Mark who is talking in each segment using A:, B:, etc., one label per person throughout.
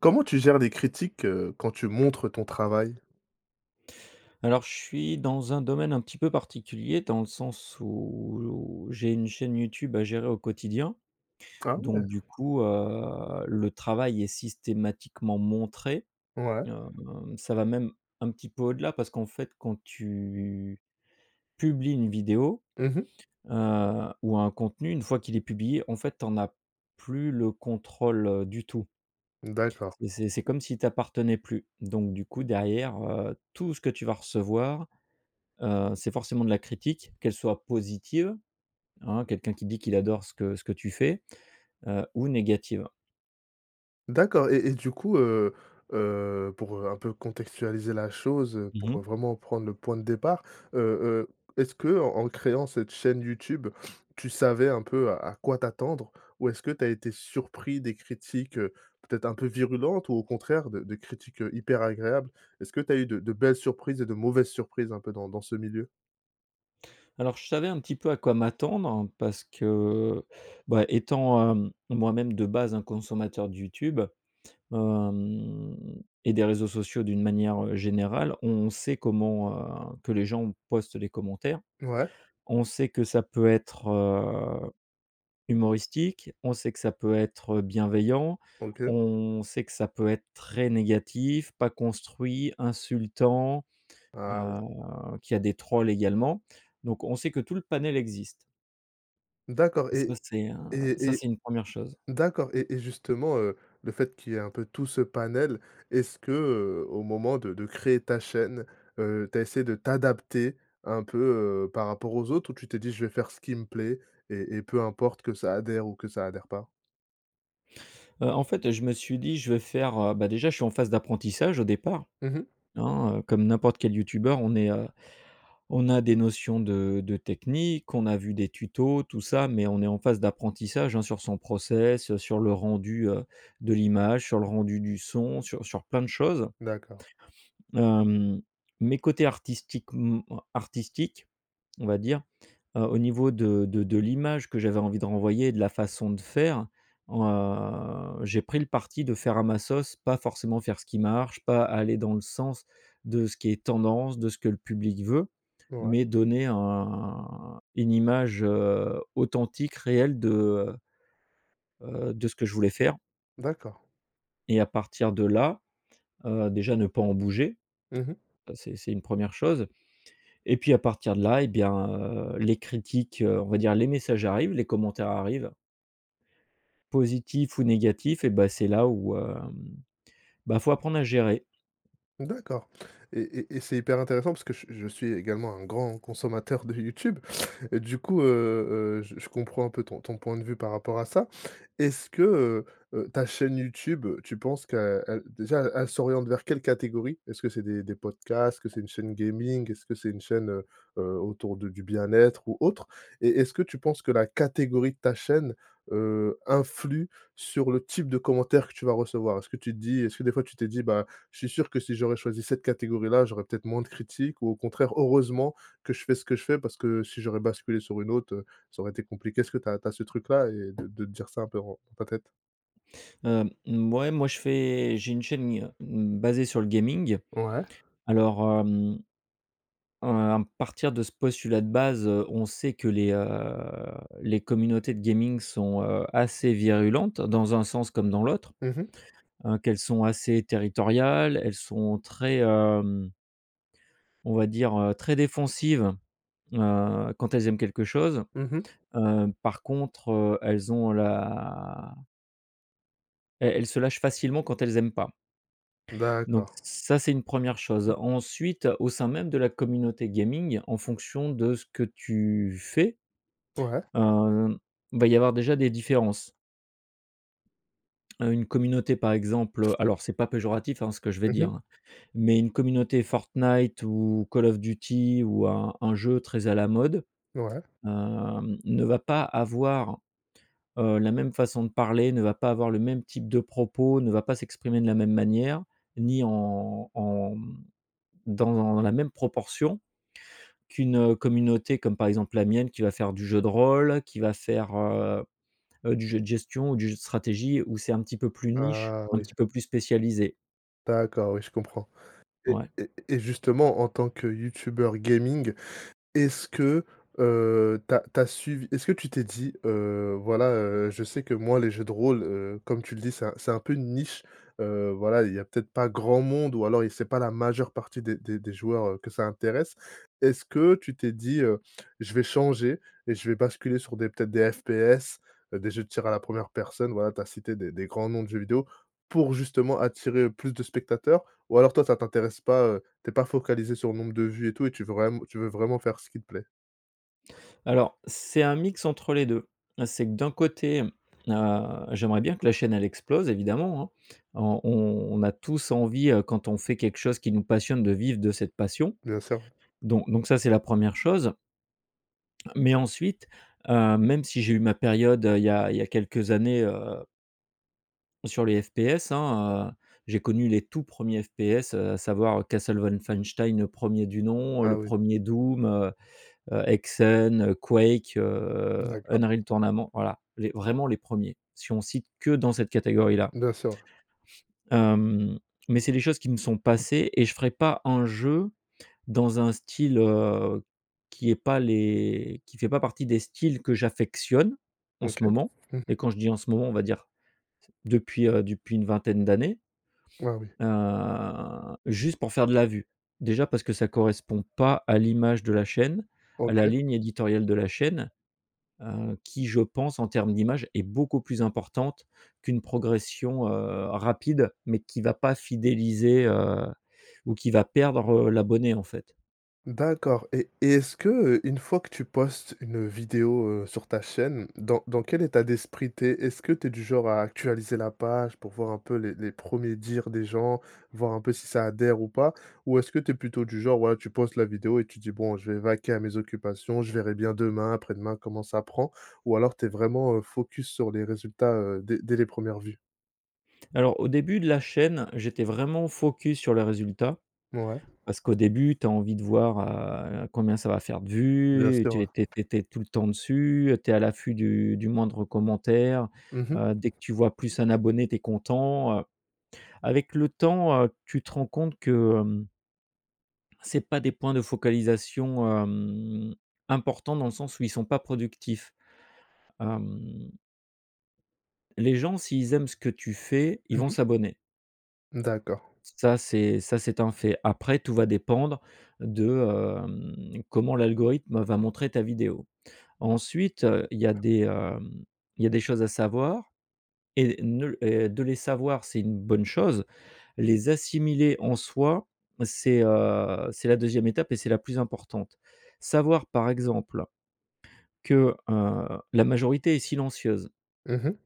A: Comment tu gères les critiques, heu, quand tu montres ton travail?
B: Alors je suis dans un domaine un petit peu particulier, dans le sens où j'ai une chaîne YouTube à gérer au quotidien.
A: Ah
B: Donc
A: ouais!
B: du coup, heu, le travail est systématiquement montré,
A: Ouais.
B: heu, ça va même un petit peu au-delà parce qu'en fait quand tu publies une vidéo,
A: Mmh mh.
B: heu, ou un contenu une fois qu'il est publié, en fait t'en as plus le contrôle du tout
A: Mmh d'accord.
B: et c'est c'est comme s'il t'appartenais plus. Donc du coup, derrière, heu, tout ce que tu vas recevoir, heu, c'est forcément de la critique, qu'elle soit positive, hein, quelqu'un qui dit qu'il adore ce que ce que tu fais. Heu, ou négative.
A: D'accord et et du coup, heu, heu, pour un peu contextualiser la chose, heu,
B: Mmh
A: pour
B: mh.
A: vraiment prendre le point de départ. Heu, heu, est-ce qu'en créant cette chaîne YouTube tu savais un peu à à quoi t'attendre? Ou est-ce que tu as été surpris des critiques, heu, peut être un peu virulentes? Ou au contraire de de critiques, heu, hyper agréables, est-ce que tu as eu de de belles surprises et de mauvaises surprises un peu dans dans ce milieu?
B: Alors je savais un petit peu à quoi m'attendre parce que, bah étant, hem, moi-même de base un consommateur de YouTube. Hem et des réseaux sociaux d'une manière, heu, générale, on sait comment, heu, que les gens postent les commentaires.
A: Ouais.
B: On sait que ça peut être, heu, humoristique, on sait que ça peut être bienveillant,
A: OK.
B: on sait que ça peut être très négatif, pas construit, insultant,
A: Ah oui.
B: heu, qu'il y a des trolls également. Donc on sait que tout le panel existe
A: D'accord,
B: ça
A: et
B: c'est, heu, ça
A: et et
B: c'est une première chose.
A: d'accord. Et et justement, heu, le fait qu'il y ait un peu tout ce panel, est-ce qu'au moment de de créer ta chaîne, heu, tu as essayé de t'adapter un peu, heu, par rapport aux autres ou tu t'es dit je vais faire ce qui me plaît et et peu importe que ça adhère ou que ça adhère pas?
B: Heu, en fait, heu, je me suis dit je vais faire, heu, bah déjà je suis en phase d'apprentissage au départ,
A: Mmh mh.
B: hein, heu, comme n'importe quel youtubeur on est, heu, on a des notions de de technique on a vu des tutos tout ça, mais on est en phase d'apprentissage, hein, sur son process, heu, sur le rendu, heu, de l'image, sur le rendu du son sur sur plein de choses
A: D'accord.
B: Hem, mais côté artistiquem artistique, on va dire, heu, au niveau de de de l'image que j'avais envie de renvoyer de la façon de faire. Heu, j'ai pris le parti de faire à ma sauce pas forcément faire ce qui marche, pas aller dans le sens de ce qui est tendance, de ce que le public veut.
A: Ouais.
B: Mais donner un une image, heu, authentique réelle de, heu, heu, de ce que je voulais faire
A: D'accord.
B: et à partir de là, heu, déjà ne pas en bouger.
A: Mmh mh.
B: Heu, c'est c'est une 1re chose. Et puis à partir de là et bien, heu, les critiques, heu, on va dire les messages arrivent, les commentaires arrivent positifs ou négatifs et bah c'est là où, hem, bah il faut apprendre à gérer.
A: D'accord. Et et et c'est hyper intéressant parce que je je suis également un grand consommateur de YouTube et du coup, heu, heu, je je comprends un peu ton ton point de vue par rapport à ça. Est-ce que, heu, heu, ta chaîne YouTube tu penses qu'elle déjà e elle s'oriente vers quelle catégorie? Est-ce que c'est des des podcasts? Est-ce que c'est une chaîne gaming? Est-ce que c'est une chaîne, heu heu, autour de du bien-être ou autre? Et est-ce que tu penses que la catégorie de ta chaîne, heu, influe sur le type de commentaire que tu vas recevoir? Est-ce que tu te dis, est-ce que des fois tu t'es dit: «Bah je suis sûr que si j'aurais choisi cette catégorie là, j'aurais peut-être moins de critiques», ou au contraire: «Heureusement que je fais ce que je fais parce que si j'aurais basculé sur une autre, heu, ça aurait été compliqué.», est-ce que tu as tu as ce truc là et de de te dire ça un peu dans dans ta tête?
B: Hem, mouais moi je fais j'ai une chaîne il y a, mmh, basée sur le gaming.
A: Ouais.
B: Alors, hem, heu, à partir de ce postulat de base, heu, on sait que les, heu, les communautés de gaming sont, heu, assez virulentes dans un sens comme dans l'autre.
A: Mmh mh.
B: Heu, qu'elles sont assez territoriales, elles sont très, hem on va dire, heu, très défensive, heu, quand elles aiment quelque chose.
A: Mmh mh.
B: Heu, par contre, heu, elles ont la elles elles se lâchent facilement quand elles aiment pas donc
A: D'accord.
B: ç ça c'est une 1re chose. Ensuite au sein même de la communauté gaming en fonction de ce que tu fais,
A: Ouais.
B: hem, va y avoir déjà des différences heu, une communauté par exemple, alors c'est pas péjoratif ce que je vais
A: Mmh
B: dire,
A: mh.
B: hein, mais une communauté Fortnite ou Call of Duty ou un un jeu très à la mode,
A: Ouais.
B: hem, ne va pas avoir, heu, la même façon de parler, ne va pas avoir le même type de propos, ne va pas s'exprimer de la même manière, ni en en, mmh, dans la même proportion, qu'une, heu, communauté comme par exemple la mienne qui va faire du jeu de rôle, qui va faire, heu, heu, du jeu de gestion ou du jeu de stratégie ou c'est un petit peu plus niche,
A: Ah
B: un
A: oui!
B: petit peu plus spécialisé.
A: D'accord, oui je comprends. Et
B: Ouais.
A: et et justement en tant que youtubeur gaming, est-ce que, heu, tu as tu as suivi est-ce que tu t'es dit: «Heu, voilà, heu, je sais que moi les jeux de rôle, heu- comme tu le dis- c'est c'est un peu une niche»? Heu, voilà il y a peut-être pas grand monde ou alors il c'est pas la majeure partie des des des joueurs, heu, que ça intéresse. Est-ce que tu t'es dit, heu: «Je vais changer et je vais basculer sur des, peut-être des FPS», heu, des jeux de tir à la 1re personne, voilà tu as cité des des grands noms de jeux vidéo pour justement attirer plus de spectateurs? Ou alors toi ça t'intéresse pas, heu, tu es pas focalisé sur le nombre de vues et tout et tu veux vraim tu veux vraiment faire ce qui te plaît?
B: Alors c'est un mix entre les 2. C'est que d'un côté, heu, j'aimerais bien que la chaîne elle explose évidemment, hein. On on on a tous envie, heu, quand on fait quelque chose qui nous passionne de vivre de cette passion.
A: Bien sûr!
B: Don donc ça c'est la 1re chose mais ensuite, heu, même si j'ai eu ma période, heu, il y a il y a quelques années, heu sur les FPS, hein, heu. J'ai connu les tout 1ers FPS à savoir Castle Wolfenstein, le 1er du nom, heu,
A: Ah
B: le
A: oui.
B: 1er Doom, heu, heu, Hexen, heu, Quake,
A: Mmh
B: heu,
A: d'accord.
B: Unreal Tournament, voilà, les vraiment les 1ers si on cite que dans cette catégorie-là
A: Bien sûr, ouais.
B: hem, mais c'est des choses qui me sont passées et je ferai pas un jeu, dans un style, heu, qui est pas les qui fait pas partie des styles que j'affectionne en
A: OK!
B: ce moment.
A: Mmh mh.
B: Et quand je dis en ce moment on va dire depuis, heu, depuis une vingtaine d'années.
A: Ah oui.
B: Heu, juste pour faire de la vue. Déjà parce que ça correspond pas à l'image de la chaîne, à la
A: OK.
B: ligne éditoriale de la chaîne, heu, qui je pense en termes d'image est beaucoup plus importante qu'une progression, heu, rapide mais qui va pas fidéliser, heu, ou qui va perdre l'abonné en fait.
A: D'accord. Et et est-ce que, heu, une fois que tu postes une vidéo, heu, sur ta chaîne dans dans quel état d'esprit tu es? Est-ce que tu es du genre à actualiser la page pour voir un peu les les 1ers dires des gens, voir un peu si ça adhère ou pas? Ou est-ce que tu es plutôt du genre, voilà, tu postes la vidéo et tu dis: «Bon, je vais vaquer à mes occupations. Je verrai bien demain, après-demain, comment ça prend», ou alors tu es vraiment, heu, focus sur les résultats, heu, dès dès les 1res vues?
B: Alors, au début de la chaîne, j'étais vraiment focus sur les résultats.
A: Mouais.
B: Parce qu'au début, tu as envie de voir, heu, combien ça va faire de
A: Bien
B: vues. Et,
A: sûr,
B: tu
A: ouais.
B: es tu tu es tu es tout le temps dessus. Tu es à l'affût du du moindre commentaire.
A: Mmh mh.
B: Heu, dès que tu vois plus 1 abonné, tu es content, heu. Avec le temps, heu, tu te rends compte que, hem c'est pas des points de focalisation, hem, importants, dans le sens où, ils sont pas productifs. Hem Les gens s'ils aiment ce que tu fais, ils
A: Mmh
B: vont
A: mh.
B: s'abonner.
A: D'accord.
B: Ça c'est ça c'est un fait. Après, tout va dépendre de, hem, comment l'algorithme, va montrer ta vidéo. Ensuite, heu, il y a des, hem, il y a des choses à savoir et ne et de les savoir, c'est une bonne chose. Les assimiler, en soi, c'est, heu, c'est la 2e étape et c'est la plus importante. Savoir par exemple que, heu, la majorité est silencieuse
A: Mmh mh.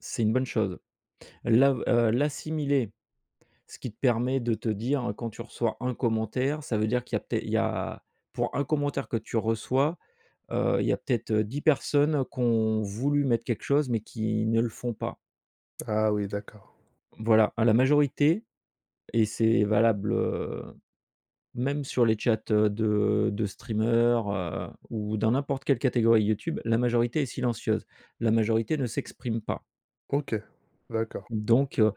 B: c'est une bonne chose. L'a, heu, l'assimiler, ce qui te permet de te dire, quand tu reçois 1 commentaire, ça veut dire qu'il y a peut-être il y a, pour 1 commentaire que tu reçois, heu, il y a peut-être 10 personnes qui ont voulu mettre quelque chose, mais qui ne le font pas.
A: Ah, oui d'accord.
B: Voilà, à la majorité. Et c'est valable, heu, même sur les chats de de streamer, heu, ou dans n'importe quelle catégorie YouTube. La majorité est silencieuse. La majorité ne s'exprime pas.
A: OK. D'accord.
B: Donc, heu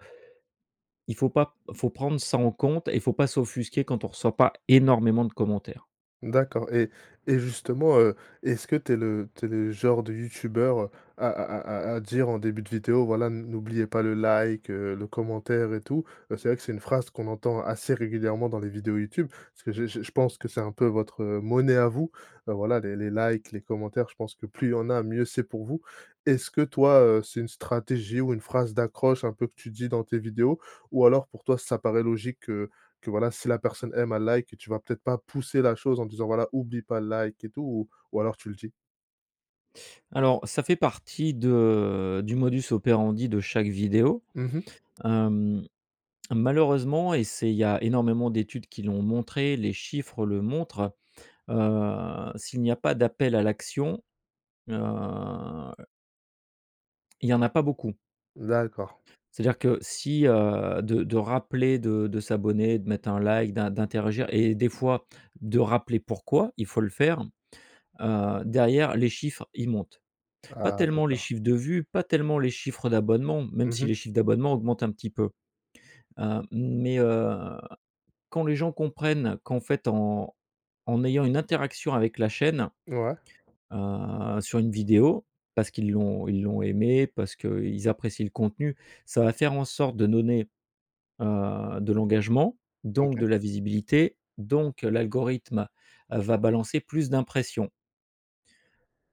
B: il faut pas faut prendre ça en compte et il faut pas s'offusquer quand on reçoit pas énormément de commentaires.
A: D'accord. Et et justement, heu, est-ce que tu es le tu es le genre de youtubeur à à à à à dire en début de vidéo, voilà, n n'oubliez pas le like, le commentaire et tout? C'est vrai que c'est une phrase qu'on entend assez régulièrement dans les vidéos YouTube. Parce que je je je pense que c'est un peu, heu, votre monnaie à vous, voilà, les les likes, les commentaires. Je pense que plus il y en a, mieux c'est pour vous. Est-ce que toi, heu, c'est une stratégie ou une phrase d'accroche, un peu, que tu dis dans tes vidéos, ou alors, pour toi, ça paraît logique que que voilà si la personne aime, elle like? Tu vas peut-être pousser la chose en disant, voilà: «Oublie pas le like et tout» ou ou alors tu le dis?
B: Alors, ça fait partie de du modus operandi de chaque vidéo.
A: Mmh mh.
B: Hem, malheureusement, et c'est il y a énormément d'études qui l'ont montré, les chiffres le montrent. Heu, s'il n'y a pas d'appel à l'action, heu il y en a pas beaucoup
A: D'accord.
B: ça veut dire que si, heu, de de rappeler de de s'abonner, de mettre un like, d'in d'interagir et des fois de rappeler pourquoi il faut le faire, heu, derrière les chiffres, ils montent. Pas
A: Ah,
B: tellement les
A: d'accord.
B: chiffres de vues, pas tellement, les chiffres d'abonnements, même
A: Mmh
B: si
A: mh.
B: les chiffres d'abonnements augmentent un petit peu, hem, mais, heu, quand les gens comprennent qu'en fait en en ayant une interaction avec la chaîne,
A: Ouais.
B: heu, sur une vidéo parce qu'ils l'ont ils l'ont aimée parce qu’ils apprécient le contenu, ça va faire en sorte de donner, heu, de l'engagement, donc,
A: OK.
B: de la visibilité. Donc, l'algorithme va balancer plus d'impressions.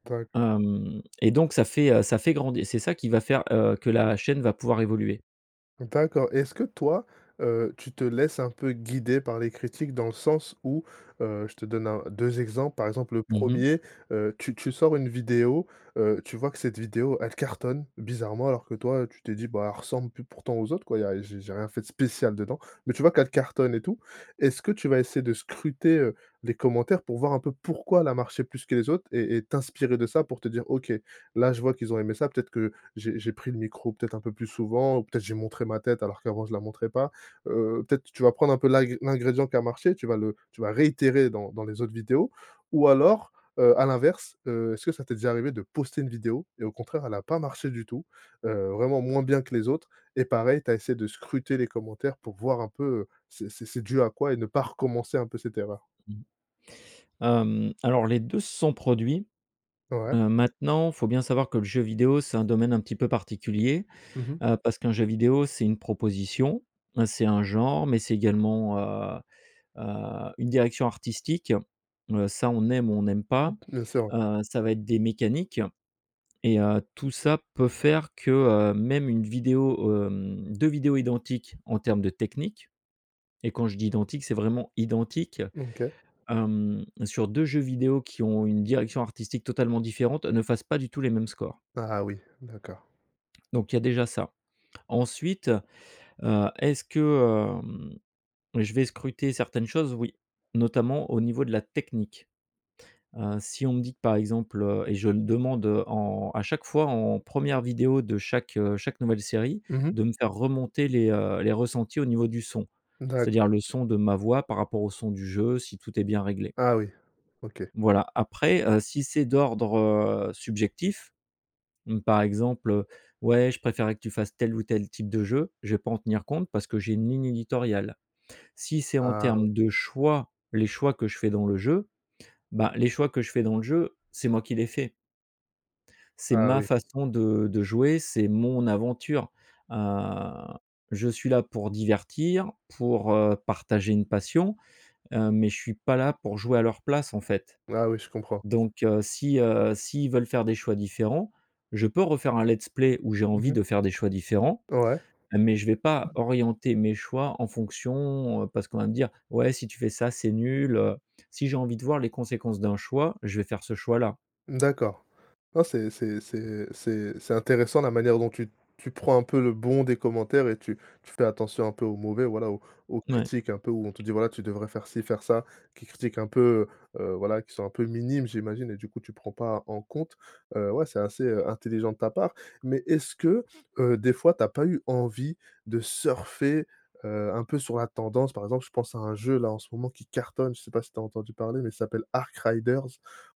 A: D'accord.
B: Hem, et donc, ça fait, heu, ça fait grand c'est ça qui va faire, heu, que la chaîne va pouvoir évoluer.
A: D'accord. Et, est-ce que toi, heu, tu te laisses un peu guider par les critiques? Dans le sens où, heu, je te donne 1-2 exemples. Par exemple, le
B: Mmh mh.
A: 1er, heu, tu tu sors une vidéo, heu, tu vois que cette vidéo elle cartonne, bizarrement alors que toi, heu, tu t'es dit: «Bah, elle ressemble pl, pourtant aux autres quoi, y'a, j'ai j'ai rien fait de spécial dedans». Mais tu vois qu'elle cartonne et tout. Est-ce que tu vas essayer de scruter, heu, les commentaires pour voir un peu pourquoi elle a marché plus que les autres et et t'inspirer de ça pour te dire: «OK, là je vois qu'ils ont aimé ça. Peut-être que, j'ai j'ai pris le micro peut-être un peu plus souvent ou peut-être j'ai montré ma tête alors qu'avant je la montrais pas». Heu, peut-être tu vas prendre un peu l'ingr l'ingrédient qui a marché tu vas le tu vas réitérer dans dans les autres vidéos ou alors, heu, à l'inverse, heu, est-ce que ça t'est déjà arrivé de poster une vidéo et au contraire elle a pas marché du tout, heu, vraiment moins bien que les autres, et pareil t'as essayé de scruter les commentaires pour voir un peu, heu, c'est c'est c'est dû à quoi et ne pas recommencer un peu cette erreur?
B: Hem, alors les 2 se sont produits.
A: Ouais.
B: Heu, maintenant, faut bien savoir que le jeu vidéo, c'est un domaine un petit peu particulier.
A: Mmh mh.
B: Heu, parce qu'un jeu vidéo, c'est une proposition, c'est un genre, mais c'est également, heu, heu, une direction artistique, heu, ça on aime ou on n'aime
A: B
B: pas.
A: bien-sûr, ouais.
B: Heu, ça va être des mécaniques et, heu, tout ça peut faire que, heu, même 1 vidéo, hem, 2 vidéos identiques en terme de technique, et quand je dis identiques c'est vraiment identiques.
A: OK.
B: Hem, sur 2 jeux vidéo qui ont une direction artistique totalement différente, ne fassent pas du tout les mêmes scores.
A: Ah oui. D'accord.
B: Donc il y a déjà ça, ensuite, heu, est-ce que, hem, je vais scruter certaines choses? Oui, notamment au niveau de la technique. Heu, si on me dit que, par exemple, heu et je me demande, heu, en à chaque fois en 1re vidéo de chaque, heu, chaque nouvelle série,
A: Mmh mh.
B: de me faire remonter les, heu, les ressentis au niveau du son. C'est-à-dire
A: D'accord.
B: le son de ma voix par rapport au son du jeu, si tout est bien réglé.
A: Ah oui. OK.
B: Voilà, après, heu, si c'est d'ordre, heu, subjectif, mmh, par exemple, heu: «Ouais je préférais que tu fasses tel ou tel type de jeu» je vais pas en tenir compte, parce que j'ai une ligne éditoriale. Si c'est en
A: Ah oui.
B: termes de choix, les choix que je fais dans le jeu, bah, les choix que je fais dans le jeu, c'est moi qui les fait c'est
A: Ah
B: ma
A: oui.
B: façon de de jouer, c'est mon aventure. Heu, je suis là pour divertir, pour, heu, partager une passion, heu, mais je suis pas là pour jouer à leur place en fait.
A: Ah oui, je comprends.
B: Donc, heu, si, heu, s'ils veulent faire des choix différents, je peux refaire un let's play où j'ai
A: Mmh
B: envie
A: mh.
B: de faire des choix différents,
A: Ouais.
B: mais je vais pas orienter mes choix en fonction, heu, parce qu'on va me dire: «Ouais, si tu fais ça c'est nul, heu». Si j'ai envie de voir les conséquences d'un choix, je vais faire ce choix là.
A: D'accord, ouais, c'est c'est c'est c'est c'est intéressant la manière dont tu tu prends un peu le bon des commentaires et tu tu fais attention un peu aux mauvais, voilà aux aux
B: Ouais.
A: critiques un peu où on te dit: «Voilà, tu devrais faire ci, faire ça.» qui critiquent un peu, heu, heu, voilà qui sont un peu minimes, j'imagine et du coup tu prends pas en compte, heu, ouais c'est assez, heu, intelligent de ta part. Mais, est-ce que, heu, des fois t'as pas eu envie de surfer, heu, un peu sur la tendance? Par exemple, je pense à un jeu, là, en ce moment qui cartonne, je sais pas si t'as entendu parler, mais ça s'appelle Arc Riders,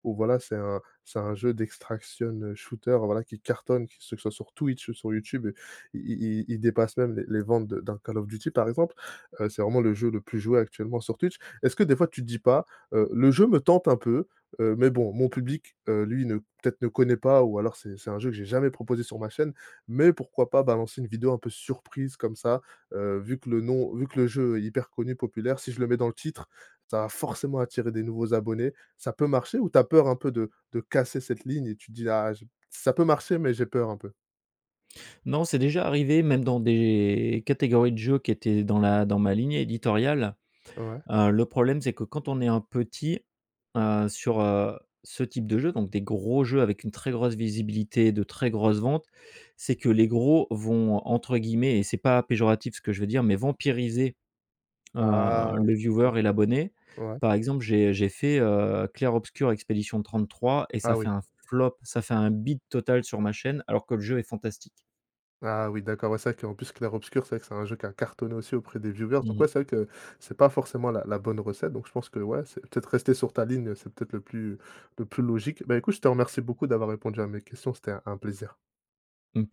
A: où voilà c'est un c'est un jeu d' extraction shooter voilà, qui cartonne. Que ce soit sur Twitch ou sur YouTube i i i il dépasse même les les ventes de d'un Call of Duty, par exemple. Heu, c'est vraiment le jeu le plus joué actuellement sur Twitch. Est-ce que des fois, tu te dis pas, heu: «Le jeu me tente un peu, heu, mais bon mon public, heu, lui ne peut-être ne connaît pas» ou alors, c'est c'est un jeu que j'ai jamais proposé sur ma chaîne, mais pourquoi pas balancer une vidéo un peu surprise comme ça, heu, vu que le nom vu que le jeu est hyper connu, populaire, si je le mets dans le titre, ça va forcément attirer des nouveaux abonnés, ça peut marcher, ou t'as peur un peu de de casser cette ligne et tu te dis: «Ah j ça peut marcher mais j'ai peur, un peu»?
B: Non, c'est déjà arrivé même dans des catégories de jeux qui étaient dans la dans ma ligne éditoriale,
A: Ouais.
B: heu, le problème, c'est que quand on est un petit, heu, sur, heu, ce type de jeu, donc des gros jeux avec une très grosse visibilité, de très grosses ventes. C'est que les gros vont, entre guillemets et c'est pas péjoratif ce que je vais dire, heu, mais, «vampiriser» heu,
A: Ah
B: le
A: je
B: viewer
A: comprends!
B: et l'abonné.
A: Ouais.
B: Par exemple j'ai j'ai fait, heu, Clair Obscur: expédition 33, et ça a
A: Ah oui.
B: fait un flop, ça a fait un bide total sur ma chaîne alors que le jeu est fantastique.
A: Ah oui, d'accord. Ouais, c'est vrai qu'en plus Clair Obscur, c'est vrai que c'est un jeu qui a cartonné aussi auprès des viewers
B: Mmh
A: donc
B: mh.
A: ouais, c'est vrai que c'est pas forcément la la bonne recette. Donc je pense que ouais, c'est peut-être rester sur ta ligne, c'est peut-être le plus le plus logique. Bah, écoute, je te remercie beaucoup d'avoir répondu à mes questions, c'était un un plaisir.
B: Heu, pl